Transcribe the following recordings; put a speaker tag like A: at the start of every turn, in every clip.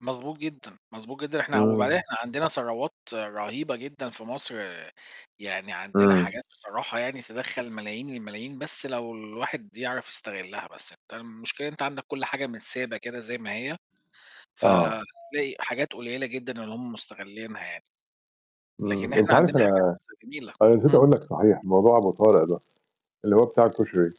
A: مظبوط جدًا، مظبوط جدًا. إحنا
B: امم.
A: وبعدين إحنا عندنا ثروات رهيبة جدًا في مصر، يعني عندنا
B: امم.
A: حاجات بصراحة يعني تدخّل ملايين الملايين، بس لو الواحد يعرف يستغلها، بس أنت المشكلة أنت عندك كل حاجة متسابة كده زي ما هي،
B: آه.
A: فتلاقي حاجات قليلة جدًا اللي هُم مستغلينها يعني. لكن
B: امم، أنت
A: إحنا
B: عارف
A: عندنا
B: أنا
A: حاجات جميلة.
B: أنا نسيت
A: امم
B: أقول لك صحيح، موضوع أبو طارق ده، اللي هو بتاع الكشري.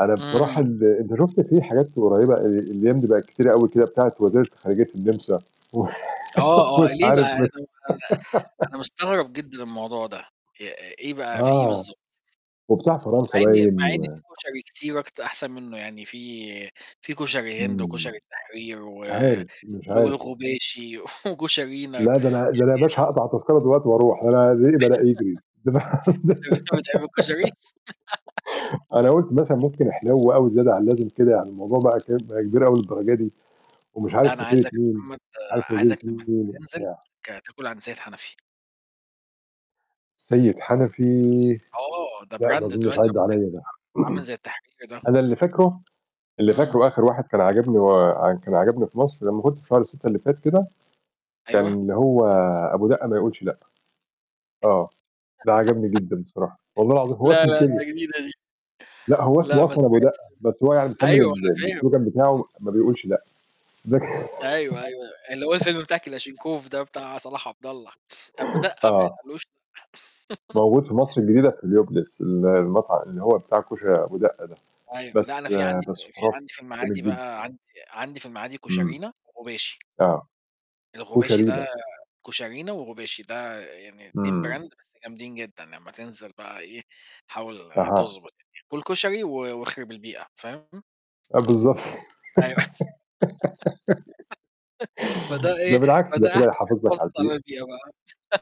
B: أنا بصراحة
A: اهم.
B: ال أنت شُفت في حاجات قريبة الأيام دي بقت كتيرة أوي كده بتاعة وزيرة خارجية النمسا
A: آه، آه،
B: ومش
A: ليه
B: عارف مش.
A: بقى؟ [unintelligible] أنا مستغرب جدًا الموضوع ده. إ إيه بقى، في إيه
B: آه.
A: بالضبط؟
B: وبتاع
A: مع
B: فرنسا
A: إن
B: باين
A: مع إن
B: و
A: في كشري كتير أكت أحسن منه يعني، في في كشري هند،
B: امم.
A: وكشري التحرير، و
B: مش عارف، مش
A: وال
B: عارف.
A: والغباشي، وكشرينا،
B: لا
A: يعني
B: ده أنا ده أنا يا باشا هاقطع تذكرة دلوقتي وأروح. ده أنا ريقي بدأ يجري. ده أنا قصد
A: طب أنت بتحب الكشري؟
B: أنا قُلت مثلًا ممكن احلو أوي زيادة عن اللازم كده، يعني الموضوع بقى [unintelligible] كبير أوي للدرجة دي. ومش
A: لا،
B: عارف
A: أنا
B: سفيرة
A: عايزك يا
B: مين،
A: محمد،
B: مش عارف وزيرة
A: عايزك لما
B: مين
A: تنزل
B: وبتاع.
A: آآ تأكل عند سيد حنفي.
B: سيد حنفي.
A: أه، ده
B: لأ،
A: brand
B: ما اظننش
A: دلوقتي،
B: عدى
A: عامل زي ال
B: عليّا ده.
A: عامل زي التحرير ده.
B: أنا اللي فاكره، اللي
A: امم.
B: فاكره آخر واحد كان عاجبني هو كان عجبني في مصر لما كنت في شهر 6 اللي فات كده، كان
A: أيوه.
B: اللي هو أبو دقة ما يقولش لأ. آه. ده عجبني جدًا بصراحة. والله العظيم. هو
A: لا،
B: اسمه
A: لأ،
B: كده.
A: ده جديدة دي.
B: لأ، هو
A: لأ،
B: اسمه
A: ما
B: أصلًا أبو دقة.
A: سمعتش،
B: بس هو يعني مكمل
A: أيوه،
B: ال
A: أنا
B: ال
A: فاهم.
B: الslogan بتاعه ما بيقولش لأ.
A: أيوه،
B: [unintelligible]
A: أيوه. اللي هو الفيلم بتاع كلاشنكوف ده بتاع صلاح عبد الله. أبو دقة ما
B: آه.
A: يتقالوش لأ.
B: موجود في مصر الجديدة في هيليوبلس. ال المطعم اللي هو بتاع كشري أبو دقة ده.
A: أيوه. لا، أنا
B: بس
A: في عندي
B: بس
A: في
B: خرافي.
A: عندي في
B: جامد
A: المعادي
B: جدًا.
A: بقى، عندي عندي في المعادي
B: امم.
A: كشرينا وغباشي.
B: آه.
A: الغباشي
B: كشري إيه
A: ده
B: ده؟
A: كشرينا وغباشي، ده يعني 2
B: امم.
A: brand بس جامدين جدًا. لما تنزل بقى إيه حاول
B: أها.
A: تضبط الدنيا. كُل كشري و واخرب البيئة، فاهم؟
B: آه بالضبط.
A: أيوه. فده
B: ده
A: إيه،
B: بالعكس ده
A: فده
B: كده
A: أحسن
B: يحافظ لك
A: فرصة
B: على البيئة.
A: للبيئة بقى.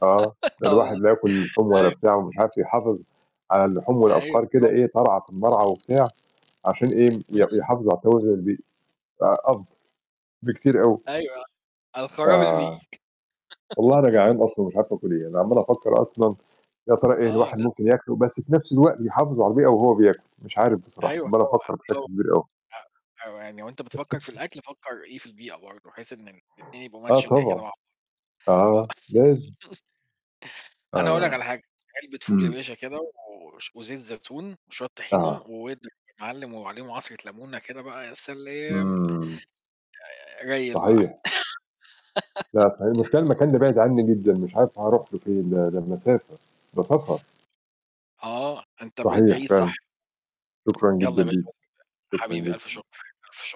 B: آه. ده
A: طبعًا.
B: الواحد لا ياكل لحوم ولا
A: أيوه.
B: بتاع ومش عارف إيه، يحافظ على اللحوم
A: أيوه،
B: والأبقار كده
A: طبعًا.
B: إيه ترعى في المرعى وبتاع، عشان إيه، ي
A: امم.
B: يحافظ على توازن البيئي. آآ، أفضل بكتير أوي.
A: أيوه، الخراب البيئي.
B: آه. والله أنا جعان أصلًا ومش عارف آكل إيه. أنا عمال أفكر أصلًا، يا ترى إيه اللي
A: آه،
B: الواحد
A: لأ.
B: ممكن ياكله بس في نفس الوقت يحافظ على البيئة وهو بياكل. مش عارف بصراحة.
A: أيوه،
B: عمال
A: طبعًا،
B: أفكر بشكل
A: طبعًا.
B: كبير أوي.
A: أ أو يعني وأنت بتفكر في الأكل فكر إيه، في البيئة برضو، بحيث إن الاتنين يبقوا
B: آه
A: matching كده
B: طبعًا.
A: مع بعض. آه.
B: آه. لازم.
A: أنا أقول لك
B: آه.
A: على حاجة، علبة فول يا
B: امم.
A: باشا كده، وش وزيت زيتون وشوية طحينة
B: آه.
A: واضرب يا معلم، وعليهم عصرة لمونة كده بقى، يا سلام.
B: امم.
A: آآ، ريل بقى.
B: صحيح. لأ صحيح، المشكلة المكان ده بعيد عني جدًا. مش عارف هاروح له فين ده. ده بمسافة. ده سفر.
A: آه، أنت بقيت
B: صحيح
A: بعيد صح.
B: فعلًاً. شكرًا
A: يلا
B: جدًا
A: يا باشا
B: ليك.
A: [unintelligible]
B: شكرًا
A: حبيبي، ألف
B: جدًا.
A: شكر، ألف شكر.